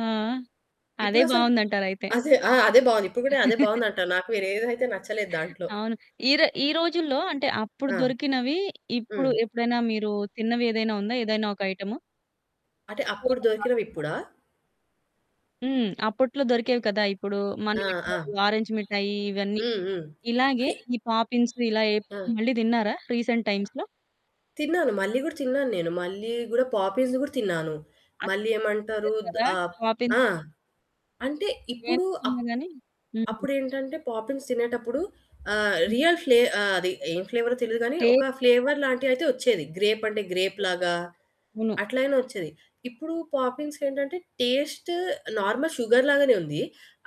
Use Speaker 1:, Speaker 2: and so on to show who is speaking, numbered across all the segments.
Speaker 1: ఆ! అదే
Speaker 2: ఇప్పుడసలు
Speaker 1: బావుందంటారయితే.
Speaker 2: అసలు ఆ! అదే బావుంది ఇప్పుడు కూడా అదే బావుంది అంటా. నాకు వేరేదెదైతే నచ్చలేదు దాంట్లో.
Speaker 1: అవును. ఈర ఈ రోజుల్లో అంటే అప్పుడు
Speaker 2: ఆ!
Speaker 1: దొరికినవి ఇప్పుడు
Speaker 2: హ్మ్.
Speaker 1: ఎప్పుడైనా మీరు తిన్నవి ఏదైనా ఉందా? ఏదైనా ఒక ఐటము.
Speaker 2: అంటే
Speaker 1: కూర
Speaker 2: అప్పుడు
Speaker 1: కాకుండా.
Speaker 2: దొరికినవిప్పుడా?
Speaker 1: హ్మ్. అప్పట్లో దొరికేవి కదా! ఇప్పుడు
Speaker 2: ఆ! ఆ!
Speaker 1: మనయెక్కువ ఆరంజ్ మిఠాయి ఇవన్నీ
Speaker 2: హ్మ్. హ్మ్.
Speaker 1: ఇలాగే ఈ పాపిన్సు ఇలా
Speaker 2: హాయ్
Speaker 1: ఏపుకొని
Speaker 2: ఆ!
Speaker 1: మళ్ళీ తిన్నారా? రీసెంట్ టైమ్స్‌లో.
Speaker 2: తిన్నాను. మళ్ళీ గూడా తిన్నాను. నేను మళ్ళీ గూడా పాపిన్స్ గూడా తిన్నాను.
Speaker 1: అంతే
Speaker 2: మళ్ళీ
Speaker 1: [unintelligible]
Speaker 2: ఏమంటారు? ద్
Speaker 1: కదా!
Speaker 2: ఆహ్,
Speaker 1: పాపిన్
Speaker 2: ఆ! అంటే ఇప్పుడు
Speaker 1: ఏపుకున్నా
Speaker 2: ఆప్
Speaker 1: గాని హ్మ్.
Speaker 2: అప్పుడు ఏంటంటే పాపిన్స్ తినేటప్పుడు ఆహ్,
Speaker 1: హ్మ్.
Speaker 2: రియల్ ఫ్లే ఆహ్, అది ఏం ఫ్లేవరొ తెలియదు కానీ. ఒక
Speaker 1: టేకు ఆ!
Speaker 2: ఫ్లేవర్ లాంటియి అయితే వచ్చేది గ్రేప్ అంటే గ్రేప్ లాగా
Speaker 1: అవును.
Speaker 2: అట్లయినా వచ్చేది. ఇప్పుడు పాపిన్స్ ఏంటంటే టేస్టు నార్మల్ షుగర్ లాగానే ఉంది.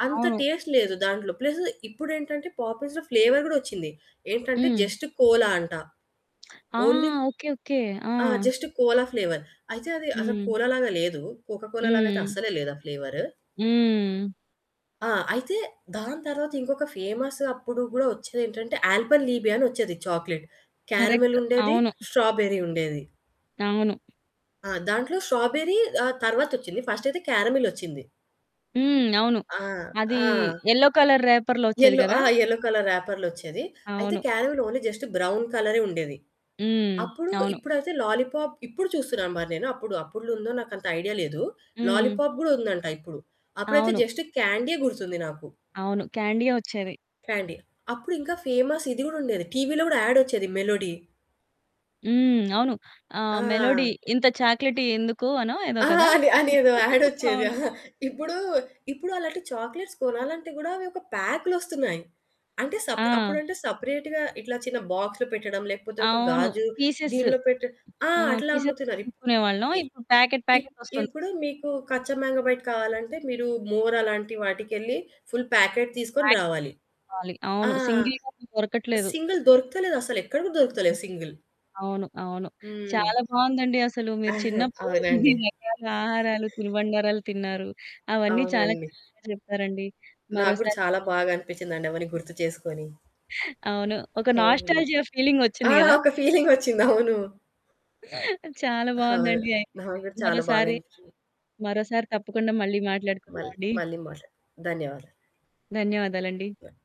Speaker 2: అంత
Speaker 1: అవును.
Speaker 2: టేస్ట్ లేదు దాంట్లో ప్లసు ఇప్పుడు ఏంటంటే పాపిన్స్‌లో ఫ్లేవర్ గూడొచ్చింది. ఏంటంటే
Speaker 1: హ్మ్.
Speaker 2: జస్ట్ కోలా అంట.
Speaker 1: ఆ!
Speaker 2: Only
Speaker 1: okay. ఓకె. ఆ!
Speaker 2: ఆ! జస్ట్ కోలా ఫ్లేవర్ అయితే అది అసలు
Speaker 1: హ్మ్.
Speaker 2: కోలా లాగా లేదు కోకాకోలా లాగా అయితే
Speaker 1: హ్మ్.
Speaker 2: అస్సలే లేదు ఆ ఫ్లేవరు.
Speaker 1: హ్మ్.
Speaker 2: ఆ! అయితే దాని తర్వాత ఇంకొక ఫేమసు అప్పుడు గూడా వచ్చేది ఏంటంటే అల్పన్‌లిబే అనొచ్చేది చాక్లేట్. Caramel
Speaker 1: correct.
Speaker 2: ఉండేది,
Speaker 1: అవును.
Speaker 2: స్ట్రాబెర్రీ ఉండేది.
Speaker 1: అవును.
Speaker 2: ఆ! దాంట్లో 'స్ట్రాబెర్రీ' ఆహ్, తర్వాతొచ్చింది. ఫస్ట్ అయితే క్యారామిలొచ్చింది.
Speaker 1: హ్మ్, అవును.
Speaker 2: ఆ!
Speaker 1: అది
Speaker 2: ఆ!
Speaker 1: యెల్లో కలర్ రేపర్‌లో వచ్చేది
Speaker 2: యెల్లో
Speaker 1: కదా!
Speaker 2: ఆ! యెల్లో కలర్ రాపర్లోచ్చేది. అయితే
Speaker 1: అవును.
Speaker 2: క్యారామిల్ ఓన్లీ జస్ట్ బ్రౌన్ కలరే ఉండేది.
Speaker 1: హ్మ్.
Speaker 2: అప్పుడు
Speaker 1: అవును.
Speaker 2: ఇప్పుడైతే లాలీపాప్ ఇప్పుడు చూస్తున్నా మరి నేను అప్పుడు అప్పుడ్లో నాకు అంత ఐడియా లేదు.
Speaker 1: హ్మ్.
Speaker 2: లాలీపాప్ కూడా ఉందంట ఇప్పుడు అప్పుడైతే
Speaker 1: అవును.
Speaker 2: జస్ట్ క్యాండీయే గుర్తుంది నాకు.
Speaker 1: అవును. క్యాండీయె వచ్చేది.
Speaker 2: క్యాండీ, అప్పుడు ఇంకా ఫేమస్ ఇది కూడా ఉండేది టీవీలో గూడా యాడొచ్చేది మెలోడీ.
Speaker 1: హ్మ్. అవును.
Speaker 2: ఆ!
Speaker 1: ఆహ్, మెలోడీ ఇంత చాక్లేటీ ఎందుకు అనో ఏదో
Speaker 2: ఆ!
Speaker 1: కదా!
Speaker 2: అని అనేదో యాడ్ వచ్చేది.
Speaker 1: అవును.
Speaker 2: అహా! ఇప్పుడు, ఇప్పుడు అలాంటి చాక్లేట్స్ కొనాలి అంటే గూడా ఒక పాకులోస్తున్నాయి. అంటే సప్ అప్పుడు
Speaker 1: ఆ!
Speaker 2: అంటే సెపరేట్‌గా ఇట్లా చిన్న బాక్స్‌లో పెట్టడం లేకపోతే ఒక
Speaker 1: అవును.
Speaker 2: గాజు
Speaker 1: పీసెసు.
Speaker 2: దీంట్లో పెట్ట ఆ!
Speaker 1: ఆ!
Speaker 2: అట్లా
Speaker 1: పీసెస్
Speaker 2: అమ్ముతున్నారు ఇప్
Speaker 1: కొనుక్కునే వాళ్ళం
Speaker 2: ఈ
Speaker 1: ఇప్పుడు ప్యాకెట్,
Speaker 2: ఇప్
Speaker 1: ప్యాకెట్ వస్తుంది.
Speaker 2: ఇప్పుడు మీకు కచ్చా మాంగో బైట్ కావాలంటే మీరు మోర్ అలాంటి వాటికెళ్లి ఫుల్ ప్యాకెట్ తీసుకొని
Speaker 1: ప్యాకెట్
Speaker 2: రావాలి.
Speaker 1: కొనుకోవాలి.
Speaker 2: ఆ!
Speaker 1: అవును. సింగిల్‌‌గా అసలు దొరకట్లేదు.
Speaker 2: సింగిల్ దొరుకుతలేదు అసలు ఎక్కడ కూడా దొరుకుతలేదు సింగిల్
Speaker 1: అవును. అవును.
Speaker 2: హ్మ్.
Speaker 1: చాలా బావుందండి. అసలు మీరు
Speaker 2: ఆహా!
Speaker 1: చిన్నప్పుడు
Speaker 2: అవునండి.
Speaker 1: ఇన్ని రకాల ఆహారాలు, తినుబండారాలు తిన్నారు. అవన్నీ చాలా
Speaker 2: అవునండి.
Speaker 1: చక్కగా చెప్తారండి.
Speaker 2: నాకు గూడా
Speaker 1: మరోసారి
Speaker 2: చాలా బాగా అనిపిచ్చిందండి. అవన్నీ గుర్తు చేసుకొని.
Speaker 1: అవును. ఒక
Speaker 2: అవునండి.
Speaker 1: నాస్టాల్జియా
Speaker 2: ఆ!
Speaker 1: ఫీలింగొచ్చింది గదా!
Speaker 2: ఒక ఫీలింగొచ్చింది. అవును.
Speaker 1: చాలా
Speaker 2: అవును.
Speaker 1: బావుందండి అయితే.
Speaker 2: నాకు కూడా చాలా బాగా
Speaker 1: మరోసారి,
Speaker 2: అనిపిచ్చింది.
Speaker 1: మరోసారి తప్పకుండా మళ్ళీ
Speaker 2: మళ్ళీ
Speaker 1: మాట్లాడుకుందామండి.
Speaker 2: మళ్ళీ మాట్లాడు ధన్యవాదాలు.
Speaker 1: ధన్యవాదాలండి.
Speaker 2: బాయి.